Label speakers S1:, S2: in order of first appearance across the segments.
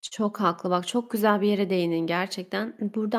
S1: Çok haklı. Bak, çok güzel bir yere değindin gerçekten. Burada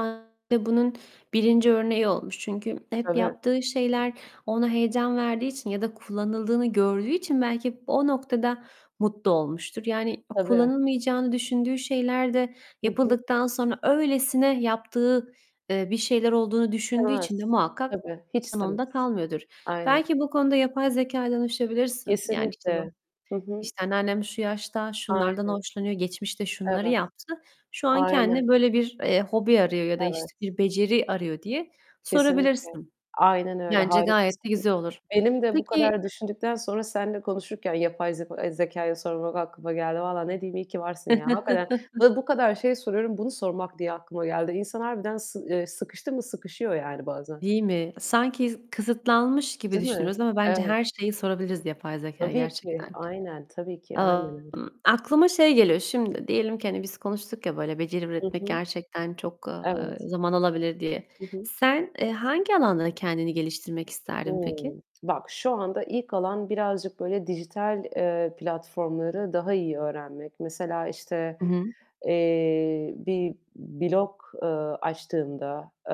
S1: da bunun 1. örneği olmuş. Çünkü hep
S2: Tabii.
S1: yaptığı şeyler ona heyecan verdiği için ya da kullanıldığını gördüğü için belki o noktada mutlu olmuştur. Yani
S2: Tabii.
S1: kullanılmayacağını düşündüğü şeyler de
S2: Hı hı.
S1: yapıldıktan sonra öylesine yaptığı, eee, bir şeyler olduğunu düşündüğü için de
S2: İstemez,
S1: muhakkak
S2: tabii hiç
S1: [unintelligible] onda
S2: istemez.
S1: kalmıyordur.
S2: Aynen.
S1: Belki bu konuda yapay zekâya danışabilirsin. Yani, işte, bak,
S2: Kesinlikle. Hı hı.
S1: işte, anneannem şu yaşta şunlardan
S2: Aynen.
S1: hoşlanıyor, geçmişte şunları
S2: Evet.
S1: yaptı, şu an
S2: Aynen.
S1: kendine böyle bir, eee, hobi arıyor ya da
S2: Evet.
S1: işte bir beceri arıyor diye
S2: Kesinlikle.
S1: sorabilirsin.
S2: Aynen öyle.
S1: Bence gayet de
S2: Harikasın.
S1: güzel olur.
S2: Benim de bu
S1: Peki
S2: kadar düşündükten sonra seninle konuşurken yapay zeko zekâya sormak aklıma geldi. Vallahi ne diyeyim, iyi ki varsın ya. Hakikaten. Bu kadar şey soruyorum bunu sormak diye aklıma geldi. İnsan harbiden sı eee, sıkıştı mı sıkışıyor yani bazen.
S1: Değil mi? Sanki s kısıtlanmış gibi
S2: Değil mi?
S1: düşünüyoruz ama bence
S2: Evet.
S1: her şeyi sorabiliriz yapay zekâya
S2: Tabii ki.
S1: gerçekten.
S2: Aynen. Tabii ki. Aynen öyle.
S1: [unintelligible] Aklıma şey geliyor, şimdi, diyelim ki, hani biz konuştuk ya böyle beceri
S2: Hı
S1: üretmek
S2: hı.
S1: gerçekten çok,
S2: Evet.
S1: eee, zaman alabilir diye.
S2: Hı hı.
S1: Sen, eee, hangi alanda kendini geliştirmek isterdin peki?
S2: Hıı. Bak, şu anda ilk olan birazcık böyle dijital, eee, platformları daha iyi öğrenmek. Mesela işte,
S1: Hı hı.
S2: eee, bir blog, eee, açtığımda, eee,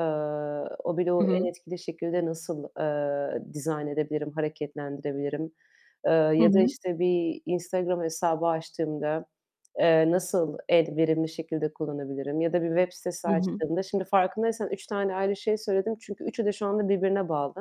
S2: o
S1: Hı
S2: bloğu en
S1: hı.
S2: etkili şekilde nasıl, eee, dizayn edebilirim, hareketlendirebilirim? Eee,
S1: Hı
S2: ya da
S1: hı.
S2: işte bir Instagram hesabı açtığımda, eee, nasıl en verimli şekilde kullanabilirim? Ya da bir web sitesi
S1: Hı hı.
S2: açtığımda, şimdi farkındaysan 3 tane ayrı şey söyledim. Çünkü üçü de şu anda birbirine bağlı.